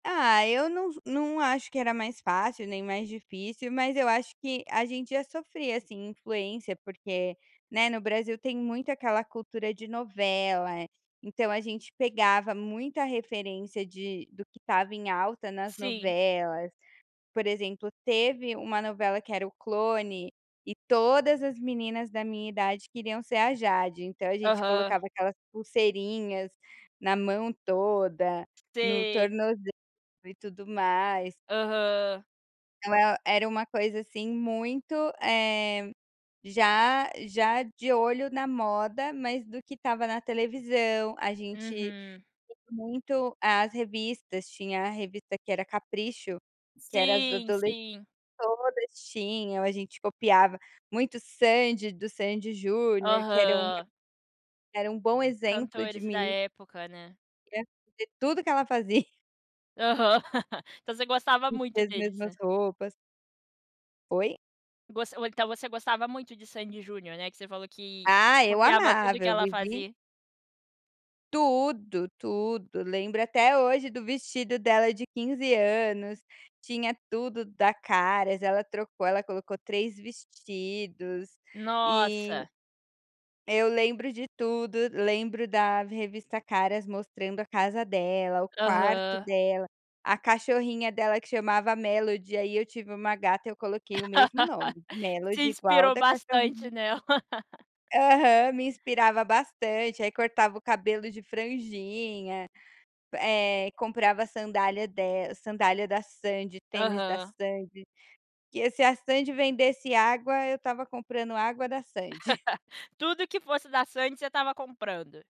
Ah, eu não não acho que era mais fácil nem mais difícil, mas eu acho que a gente já sofria, assim, influência, porque, né, no Brasil tem muito aquela cultura de novela, então a gente pegava muita referência de do que estava em alta nas Sim. novelas, por exemplo, teve uma novela que era O Clone, e todas as meninas da minha idade queriam ser a Jade, então a gente Aham. colocava aquelas pulseirinhas na mão toda, no Sei. tornoze e tudo mais. Aham. Então e era uma coisa, assim, muito, eh, já já de olho na moda, mas do que estava na televisão, a gente Uhum. [unintelligible] muito as revistas, tinha a revista que era a Capricho, que era as Sim, adoles sim. todas tinham, a gente copiava muito Sandy, do Sandy& Júnior, que era um Aham. era um bom exemplo de Cantores da meni época, né. [unintelligible] tudo que ela fazia. Aham. Então você gostava Vestia muito as deles, mesmas né. roupas. Oi? Gos então você gostava muito de Sandy& Junior, né, que você falou que Ah, eu copiava tudo o amava, que eu ela vivi fazia. Tudo, tudo, lembro até hoje do vestido dela de 15 anos, tinha tudo da Caras, ela trocou, ela colocou 3 vestidos e Nossa. eu lembro de tudo, lembro da revista Caras mostrando a casa dela, o quarto Aham. dela, a cachorrinha dela que chamava Melody, aí eu tive uma gata, eu coloquei o mesmo nome, Melody Se igual o inspirou da bastante cachorrinha nela. Aham, me inspirava bastante, aí cortava o cabelo de franjinha, eh, comprava a sandália del sandália da Sandy, tênis da Aham. Sandy, porque se a Sandy vendesse água, eu estava comprando água da Sandy. Tudo que fosse da Sandy, você estava comprando.